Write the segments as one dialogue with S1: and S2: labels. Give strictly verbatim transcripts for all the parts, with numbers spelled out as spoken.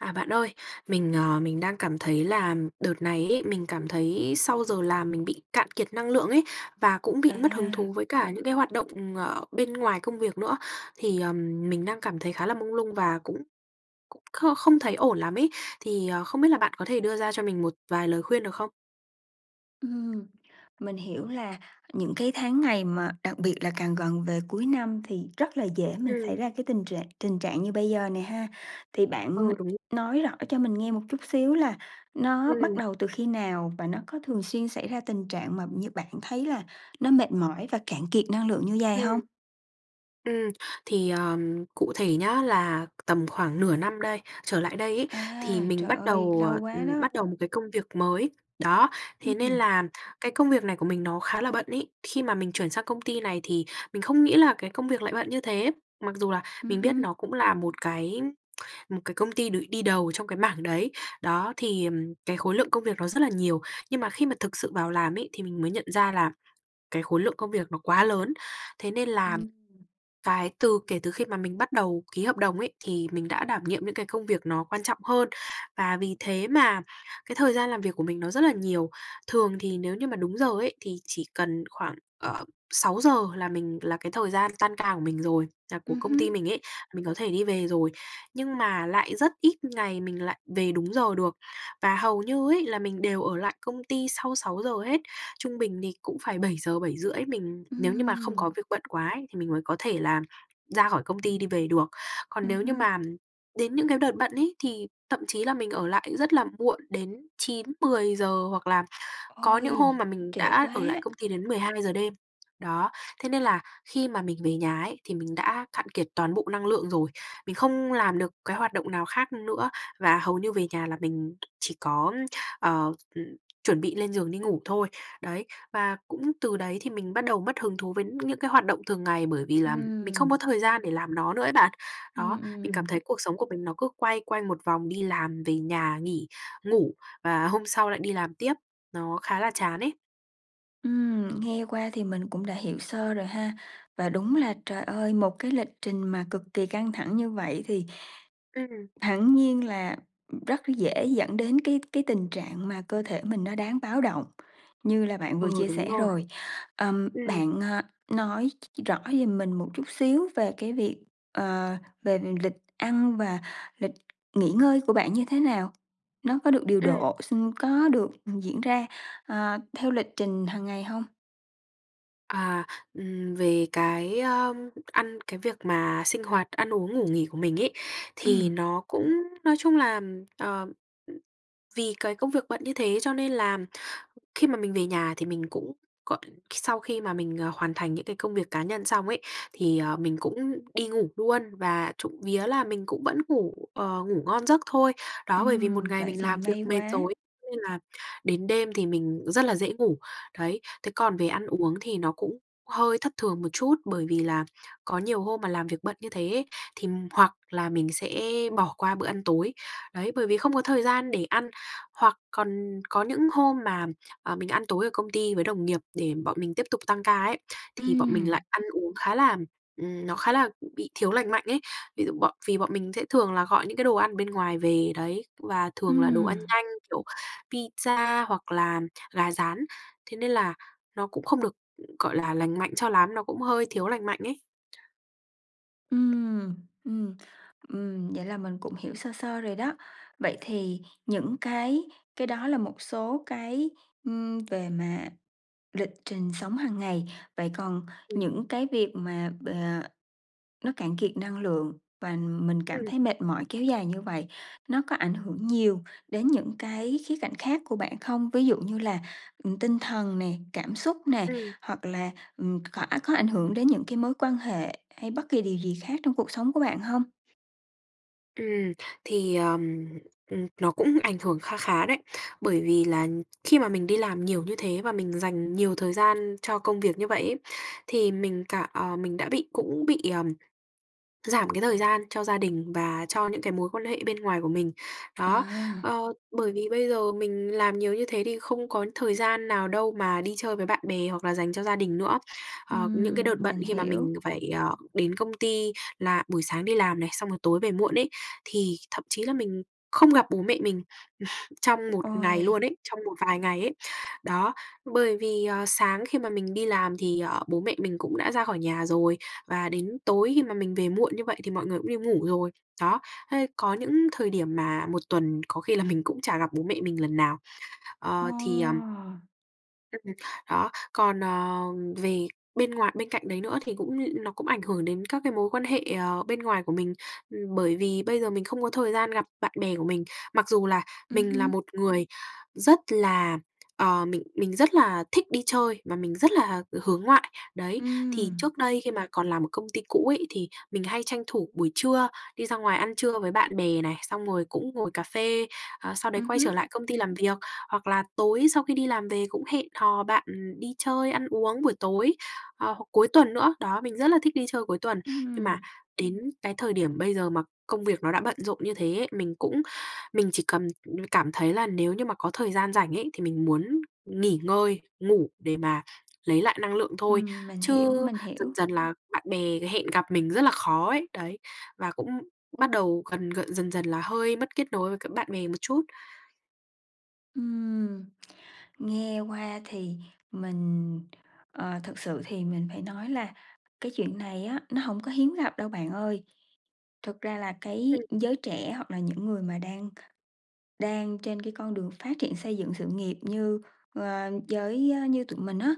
S1: À, bạn ơi. Mình, ờ, mình đang cảm thấy là đợt này ấy, mình cảm thấy sau giờ làm mình bị cạn kiệt năng lượng ấy và cũng bị mất hứng thú
S2: À!
S1: với cả những cái hoạt động, ờ, bên ngoài công việc nữa. Thì, ờm, mình đang cảm thấy khá là mông lung và cũng cũng kh không thấy ổn lắm ấy. Thì, ờ, không biết là bạn có thể đưa ra cho mình một vài lời khuyên được không?
S2: Ừm, mình hiểu là những cái tháng ngày mà đặc biệt là càng gần về cuối năm thì rất là dễ mình
S1: Ừm.
S2: xảy ra cái tình trạng tình trạng như bây giờ nè ha, thì bạn n
S1: Ừ, đúng.
S2: nói rõ cho mình nghe một chút xíu là nó bắt
S1: Ừm.
S2: đầu từ khi nào và nó có thường xuyên xảy ra tình trạng mà như bạn thấy là nó mệt mỏi và cạn kiệt năng lượng như vầy hông?
S1: Ừm. Ừm, thì, ờm, cụ thể nhá là tầm khoảng nửa năm đây trở lại đây ấy thì
S2: A,
S1: mình
S2: trời
S1: bắt
S2: ơi,
S1: đầu,
S2: lâu
S1: ờ,
S2: quá
S1: ừm,
S2: đó.
S1: bắt đầu một cái công việc mới. Đó, thế nên
S2: Ừm.
S1: là cái công việc này của mình nó khá là bận ấy. Khi mà mình chuyển sang công ty này thì mình không nghĩ là cái công việc lại bận như thế, mặc dù là
S2: Ừm
S1: mình biết
S2: hưm.
S1: nó cũng là một cái một cái công ty được đi đầu trong cái mảng đấy. Đó, thì, ừm, cái khối lượng công việc nó rất là nhiều, nhưng mà khi mà thực sự vào làm ấy thì mình mới nhận ra là cái khối lượng công việc nó quá lớn. Thế nên làm
S2: Ừm.
S1: cái từ kể từ khi mà mình bắt đầu ký hợp đồng ấy thì mình đã đảm nhiệm những cái công việc nó quan trọng hơn, và vì thế mà cái thời gian làm việc của mình nó rất là nhiều. Thường thì nếu như mà đúng giờ ấy thì chỉ cần khoảng, ờ, sáu giờ là mình là cái thời gian tan ca của mình rồi, là của
S2: Ừm
S1: công ty
S2: hưm.
S1: mình ấy, mình có thể đi về rồi, nhưng mà lại rất ít ngày mình lại về đúng giờ được. Và hầu như ấy là mình đều lại công ty sau sáu giờ hết, trung bình thì cũng phải bảy giờ, bảy rưỡi mình nếu như mà không
S2: Ừm.
S1: có việc bận quá ấy thì mình mới có thể là ra khỏi công ty đi về được. Còn
S2: Ừm
S1: nếu như
S2: hưm.
S1: màn đến những cái đợt bận ấy thì thậm chí là mình ở lại rất là muộn đến chín mười giờ hoặc là có những
S2: Ôi.
S1: hôm mà mình
S2: Trễ
S1: đã ở lại
S2: quá!
S1: công ty đến mười hai giờ đêm. Đó, thế nên là khi mà mình về nhà ấy thì mình đã cạn kiệt toàn bộ năng lượng rồi, mình không làm được cái hoạt động nào khác nữa và hầu như về nhà là mình chỉ có, ờ, ừm, chuẩn bị lên giường đi ngủ thôi. Đấy và cũng từ đấy thì mình bắt đầu mất hứng thú với những cái hoạt động thường ngày bởi vì là mình không có
S2: Ừm.
S1: thời gian để làm nó nữa ấy bạn.
S2: Ừm,
S1: Đó, mình cảm
S2: ừm.
S1: thấy cuộc sống của mình nó cứ quay quanh một vòng đi làm, về nhà, nghỉ, ngủ và hôm sau lại đi làm tiếp, nó khá là chán ấy.
S2: Ừm, nghe qua thì mình cũng đã hiểu sơ rồi ha. Và đúng là trời ơi, một cái lịch trình mà cực kì căng thẳng như vậy thì
S1: Ừm.
S2: hẳn nhiên là rất dễ dẫn đến cái cái tình trạng mà cơ thể mình nó đáng báo động như là bạn vừa
S1: Ừ,
S2: chia
S1: đúng
S2: sẻ
S1: rồi.
S2: rồi. Ờm,
S1: Ừm.
S2: bạn, à, nói ch rõ giùm mình một chút xíu về cái việc, ờ, về lịch ăn và lịch nghỉ ngơi của bạn như thế nào? Nó có được điều
S1: Ừm.
S2: độ, sinh có được diễn ra, ờ, theo lịch trình hằng ngày hông?
S1: À, ừm, về cái, ờ, ăn cái việc mà sinh hoạt, ăn uống ngủ nghỉ của mình ấy, thì
S2: Ừm.
S1: nó cũng nói chung là, ờ, ừ, vì cái công việc bận như thế cho nên là khi mà mình về nhà thì mình cũng gọi sau khi mà mình, ờ, hoàn thành những cái công việc cá nhân xong ấy, thì, ờ, mình cũng đi ngủ luôn và trộm vía là mình cũng vẫn ngủ, ờ, ngủ ngon giấc thôi. Đó, bởi vì một
S2: Ừm,
S1: ngày
S2: vậy
S1: mình
S2: thì
S1: làm việc
S2: may
S1: mệt
S2: quá.
S1: rồi ấy, nên là đến đêm thì mình rất là dễ ngủ. Đấy, thế còn về ăn uống thì nó cũng hơi thất thường một chút, bởi vì là có nhiều hôm mà làm việc bận như thế ấy, thì hoặc là mình sẽ bỏ qua bữa ăn tối, đấy, bởi vì không có thời gian để ăn. Hoặc còn có những hôm mà, ờ, mình ăn tối ở công ty với đồng nghiệp để bọn mình tiếp tục tăng ca ấy, thì bọn mình lại
S2: Ừm.
S1: ăn uống khá là, ừm, nó khá là b bị thiếu lành mạnh ấy. Ví dụ bọn vì bọn mình sẽ thường là gọi những cái đồ ăn ở bên ngoài về đấy, và thường là đồ ăn
S2: Ừm.
S1: nhanh kiểu pizza hoặc là gà rán, thế nên là nó cũng không được, gọi là, lành mạnh cho lắm, nó cũng hơi thiếu lành mạnh ấy.
S2: Ừm. Ừm. Ừm, vậy là mình cũng hiểu sơ sơ rồi đó. Vậy thì những cái cái đó là một số cái, ừm, về mà lịch trình sống hằng ngày. Vậy còn
S1: Ừm.
S2: những cái việc mà bờ nó cạn kiệt năng lượng và mình cảm
S1: Ừm.
S2: thấy mệt mỏi kéo dài như vậy, nó có ảnh hưởng nhiều đến những cái khía cạnh khác của bạn không? Ví dụ như là, ừm, tinh thần nè, cảm xúc nè,
S1: Ừm.
S2: hoặc là, ừm, khỏa có ảnh hưởng đến những cái mối quan hệ hay bất kỳ điều gì khác trong cuộc sống của bạn hông?
S1: Ừm, thì, ờm, ừm, nó cũng ảnh hưởng kha khá đấy, bởi vì là khi mà mình đi làm nhiều như thế và mình dành nhiều thời gian cho công việc như vậy ấy thì mình cả ờ, mình đã bị cũng bị, ờm, giảm cái thời gian cho gia đình và cho những cái mối quan hệ bên ngoài của mình. Đó,
S2: À.
S1: ờ, bởi vì bây giờ mình làm nhiều như thế thì không có thời gian nào đâu mà đi chơi với bạn bè hoặc là dành cho gia đình nữa. Ờ, những cái đợt
S2: Ừm,
S1: bận
S2: mình
S1: khi mà mình
S2: hiểu.
S1: phải, ờ, đến công ty là buổi sáng đi làm này, xong rồi tối về muộn ấy, thì thậm chí là mình không gặp bố mẹ mình trong một ngày luôn
S2: Ôi!
S1: ấy, trong một vài ngày ấy. Đó, bởi vì, à, sáng khi mà mình đi làm thì, ờ, bố mẹ mình cũng đã ra khỏi nhà rồi và đến tối khi mà mình về muộn như vậy thì mọi người cũng đi ngủ rồi. Đó, thế có những thời điểm mà một tuần có khi là mình cũng chả gặp bố mẹ mình lần nào.
S2: Ô.
S1: Ờ, thì, ờm Ừm, đó, còn, ờ, về bên ngoài bên cạnh đấy nữa thì cũng n nó cũng ảnh hưởng đến các cái mối quan hệ, ờ, bên ngoài của mình, ừm, bởi vì bây giờ mình không có thời gian gặp bạn bè của mình, mặc dù là
S2: Ừm
S1: mình là
S2: hưm.
S1: một người rất là, ờ, mình mình rất là thích đi chơi và mình rất là hướng ngoại. Đấy, thì
S2: Ừm.
S1: trước đây khi mà còn làm ở công ty cũ ấy thì mình hay tranh thủ buổi trưa, đi ra ngoài ăn trưa với bạn bè này, xong rồi cũng ngồi cà phê, ờ, sau đấy
S2: Ừm
S1: quay trở
S2: hứm.
S1: lại công ty làm việc, hoặc là tối sau khi đi làm về cũng hẹn hò bạn đi chơi, ăn uống buổi tối, ờ, hoặc cuối tuần nữa, đó, mình rất là thích đi chơi cuối tuần. Nhưng mà
S2: Ừm.
S1: đến cái thời điểm bây giờ mà công việc nó đã bận rộn như thế ấy, mình cũng mình chỉ cầm cảm thấy là nếu như mà có thời gian rảnh ấy thì mình muốn nghỉ ngơi, ngủ để mà lấy lại năng lượng thôi.
S2: Ừm, mình
S1: Chứ
S2: hiểu, mình
S1: dần
S2: hiểu.
S1: dần là bạn bè hẹn gặp mình rất là khó ấy, đấy, và cũng bắt đầu gần g dần dần là hơi mất kết nối với cả bạn bè một chút.
S2: Ừm, nghe qua thì mình, ờ, thực sự thì mình phải nói là cái chuyện này á nó hổng có hiếm gặp đâu bạn ơi, thực ra là cái
S1: Ừm.
S2: giới trẻ hoặc là những người mà đang đang trên cái con đường phát triển xây dựng sự nghiệp như, ơ, với như tụi mình á,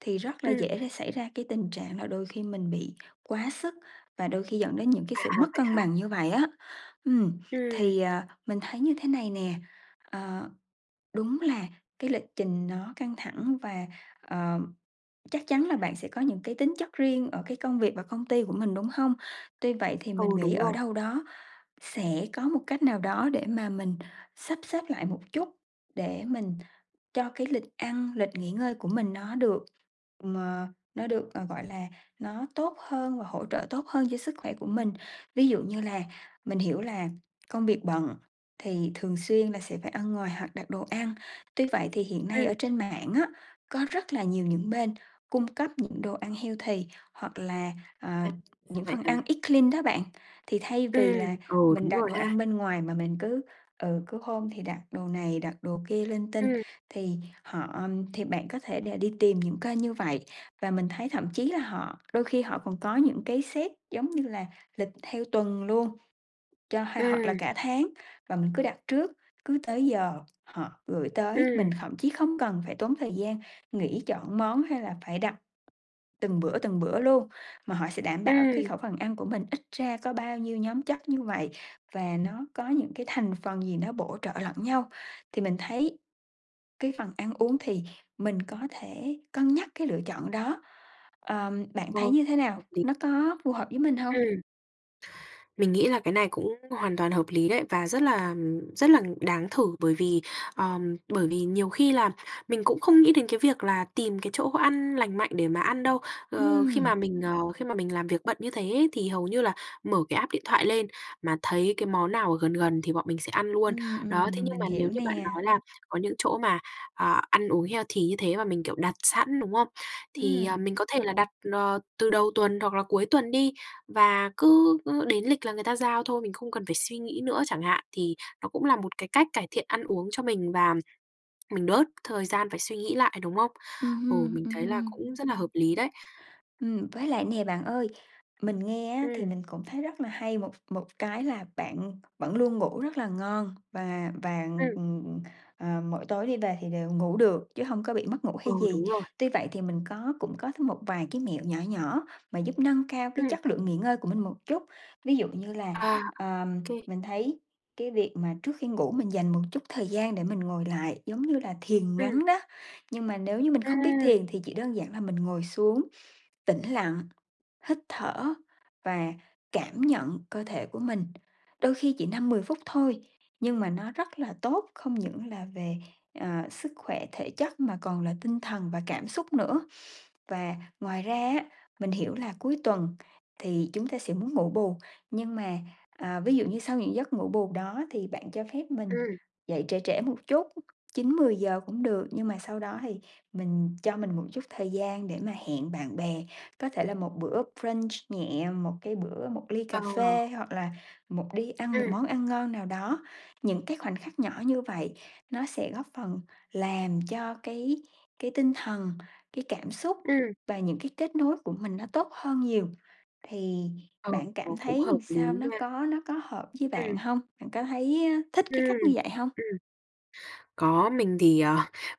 S2: thì rất là
S1: Ừm.
S2: dễ để xảy ra cái tình trạng là đôi khi mình bị quá sức và đôi khi dẫn đến những cái
S1: À,
S2: sự mất
S1: vậy
S2: cân
S1: hả?
S2: bằng như vậy á. Ừm,
S1: Ừm.
S2: thì, ờ, mình thấy như thế này nè, ờ, đúng là cái lịch trình nó căng thẳng và, ờ, chắc chắn là bạn sẽ có những cái tính chất riêng ở cái công việc và công ty của mình, đúng hông? Tuy vậy thì
S1: Ừ,
S2: mình nghĩ
S1: đúng
S2: ở
S1: rồi.
S2: đâu đó sẽ có một cách nào đó để mà mình sắp xếp lại một chút, để mình cho cái lịch ăn, lịch nghỉ ngơi của mình nó được mờ nó được, ờ, gọi là, nó tốt hơn và hỗ trợ tốt hơn cho sức khỏe của mình. Ví dụ như là mình hiểu là công việc bận thì thường xuyên là sẽ phải ăn ngoài hoặc đặt đồ ăn, tuy vậy thì hiện nay ở
S1: Ừm.
S2: trên mạng á, có rất là nhiều những bên cung cấp những đồ ăn healthy hoặc là, ờ,
S1: À, ra
S2: những
S1: vậy
S2: phần
S1: à?
S2: ăn eat clean đó bạn. Thì thay vì là
S1: Ừm, ờ,
S2: mình
S1: đúng
S2: đặt
S1: rồi
S2: đồ ăn
S1: ha.
S2: bên ngoài mà mình cứ ừ, cứ hôm thì đặt đồ này, đặt đồ kia linh tinh,
S1: Ừm.
S2: thì họ thì bạn có thể là đi tìm những kênh như vậy, và mình thấy thậm chí là họ đôi khi họ còn có những cái set, giống như là, lịch theo tuần luôn cho ha hoặc là
S1: Ừm.
S2: cả tháng và mình cứ đặt trước. Cứ tới giờ họ gửi tới,
S1: Ừm.
S2: mình thậm chí không cần phải tốn thời gian nghĩ chọn món hay là phải đặt từng bữa từng bữa luôn, mà họ sẽ đảm bảo cái
S1: Ừm.
S2: khẩu phần ăn của mình ít ra có bao nhiêu nhóm chất như vậy, và nó có những cái thành phần gì nó bổ trợ lẫn nhau. Thì mình thấy cái phần ăn uống thì mình có thể cân nhắc cái lựa chọn đó, ờm, bạn
S1: Ờ,
S2: thấy như thế nào?
S1: hợp lý.
S2: Nó có phù hợp với mình hông?
S1: Ừm. Mình nghĩ là cái này cũng hoàn toàn hợp lý đấy và rất là rất là đáng thử bởi vì, ờm, bởi vì nhiều khi là mình cũng không nghĩ đến cái việc là tìm cái chỗ ăn lành mạnh để mà ăn đâu. Ờ, khi mà
S2: Ừm.
S1: mình, ờ, khi mà mình làm việc bận như thế ấy thì hầu như là mở cái app điện thoại lên mà thấy cái món nào ở gần gần thì bọn mình sẽ ăn luôn.
S2: Ừm,
S1: Đó, thế
S2: ừm,
S1: nhưng mà
S2: mình
S1: nếu
S2: hiểu
S1: như bạn
S2: nè.
S1: nói là có những chỗ mà, ờ, ăn uống healthy như thế mà mình, kiểu, đặt sẵn, đúng không? Thì, à,
S2: Ừm.
S1: mình có thể là đặt, ờ, từ đầu tuần hoặc là cuối tuần đi và cứ cứ đến lịch là người ta giao thôi, mình không cần phải suy nghĩ nữa chẳng hạn thì nó cũng là một cái cách cải thiện ăn uống cho mình và mình bớt thời gian phải suy nghĩ lại, đúng không?
S2: Ừm
S1: Ừ,
S2: hưm,
S1: mình
S2: ừm
S1: thấy là
S2: hưm.
S1: cũng rất là hợp lý đấy.
S2: Ừm, với lại nè bạn ơi, mình nghe á, thì
S1: Ừm.
S2: mình cũng thấy rất là hay một một cái là bạn vẫn luôn ngủ rất là ngon, và và,
S1: Ừm.
S2: ừm, ừm, ờ, mỗi tối đi về thì đều ngủ được chứ hông có bị mất ngủ
S1: Ừ,
S2: hay gì.
S1: đúng rồi.
S2: Tuy vậy thì mình có cũng có thêm một vài cái mẹo nhỏ nhỏ mà giúp nâng cao cái
S1: Ừm.
S2: chất lượng nghỉ ngơi của mình một chút. Ví dụ như là,
S1: À, ô
S2: ờm,
S1: kê.
S2: mình thấy cái việc mà trước khi ngủ mình dành một chút thời gian để mình ngồi lại, giống như là thiền
S1: Ừm.
S2: ngắn đó, nhưng mà nếu như mình không biết
S1: Ừm.
S2: thiền thì chỉ đơn giản là mình ngồi xuống, tĩnh lặng, hít thở và cảm nhận cơ thể của mình. Đôi khi chỉ năm mười phút thôi, nhưng mà nó rất là tốt, không những là về, ờ, sức khỏe thể chất mà còn là tinh thần và cảm xúc nữa. Và ngoài ra á, mình hiểu là cuối tuần thì chúng ta sẽ muốn ngủ bù, nhưng mà, ờ, ví dụ như sau những giấc ngủ bù đó thì bạn cho phép mình
S1: Ừm.
S2: dậy trễ trễ một chút, chín mười giờ cũng được. Nhưng mà sau đó thì mình cho mình một chút thời gian để mà hẹn bạn bè, có thể là một bữa brunch nhẹ, một cái bữa một ly cà
S1: Ờ.
S2: phê hoặc là một đi ăn một
S1: Ừm.
S2: món ăn ngon nào đó. Những cái khoảnh khắc nhỏ như vậy nó sẽ góp phần làm cho cái cái tinh thần, cái cảm xúc
S1: Ừm.
S2: và những cái kết nối của mình nó tốt hơn nhiều thì
S1: Ờ,
S2: bạn cảm
S1: cũng
S2: thấy
S1: hợp
S2: làm
S1: lý
S2: sao nó
S1: nha.
S2: có nó có hợp với bạn
S1: Ừm.
S2: hông? Bạn có thấy, a, thích
S1: Ừm,
S2: cái cách như vậy hông?
S1: ừm, có, mình thì, ờ,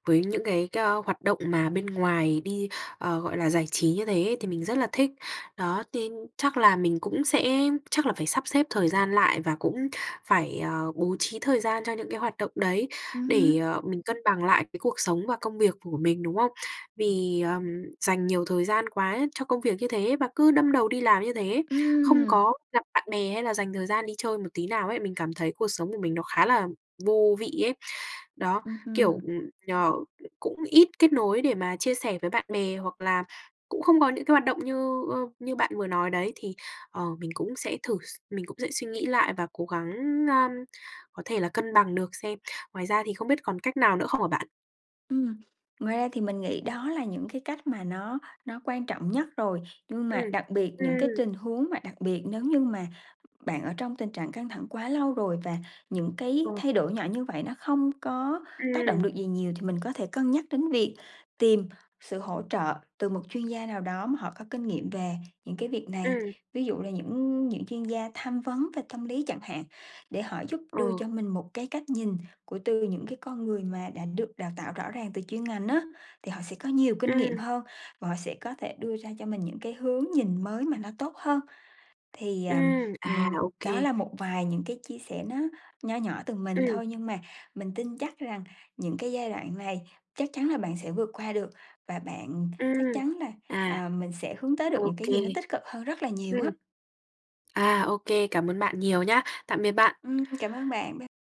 S1: với những cái c hoạt động mà bên ngoài đi, ờ, gọi là, giải trí như thế thì mình rất là thích. Đó, nên chắc là mình cũng sẽ chắc là phải sắp xếp thời gian lại, và cũng phải, ờ, bố trí thời gian cho những cái hoạt động đấy
S2: Ừm
S1: để,
S2: hưm.
S1: ờ, mình cân bằng lại cái cuộc sống và công việc của mình, đúng không? Vì, ờm, dành nhiều thời gian quá cho công việc như thế và cứ đâm đầu đi làm như thế, không
S2: Ừm.
S1: có gặp bạn bè hay là dành thời gian đi chơi một tí nào ấy, mình cảm thấy cuộc sống của mình nó khá là vô vị ấy. Đó,
S2: Ừm
S1: kiểu,
S2: hưm.
S1: ừm, ờ, cũng ít kết nối để mà chia sẻ với bạn bè hoặc là cũng không có những cái hoạt động như, ơ, như bạn vừa nói đấy thì, ờ, mình cũng sẽ thử s mình cũng sẽ suy nghĩ lại và cố gắng, a, có thể là cân bằng được xem. Ngoài ra thì không biết còn cách nào nữa không hả bạn?
S2: Ừm, ngoài ra thì mình nghĩ đó là những cái cách mà nó nó quan trọng nhất rồi, nhưng mà
S1: Ừm,
S2: đặc biệt những cái
S1: ừm.
S2: tình huống mà đặc biệt nếu như mà bạn ở trong tình trạng căng thẳng quá lâu rồi, và những
S1: Ờ.
S2: cái thay đổi nhỏ như vậy nó không có tác động
S1: Ừm.
S2: được gì nhiều thì mình có thể cân nhắc đến việc tìm sự hỗ trợ từ một chuyên gia nào đó mà họ có kinh nghiệm về những cái việc này.
S1: Ừm.
S2: Ví dụ là những những chuyên gia tham vấn về tâm lý chẳng hạn, để họ giúp đưa
S1: Ờ.
S2: cho mình một cái cách nhìn của từ những cái con người mà đã được đào tạo rõ ràng từ chuyên ngành á, thì họ sẽ có nhiều kinh nghiệm
S1: Ừm.
S2: hơn và họ sẽ có thể đưa ra cho mình những cái hướng nhìn mới mà nó tốt hơn. Thì, à,
S1: Ừm, à,
S2: ừm,
S1: ô
S2: đó
S1: kê.
S2: là một vài những cái chia sẻ nó nho nhỏ từ mình
S1: Ừm.
S2: thôi, nhưng mà mình tin chắc rằng những cái giai đoạn này chắc chắn là bạn sẽ vượt qua được và bạn chắc
S1: Ừm,
S2: chắn là,
S1: à,
S2: ờ, mình sẽ hướng tới được
S1: ô
S2: những cái
S1: kê,
S2: gì nó tích cực hơn rất là nhiều
S1: ừm.
S2: á.
S1: À, ô kê, cảm ơn bạn nhiều nhá, tạm biệt bạn.
S2: Ừm, cảm ơn bạn, bye.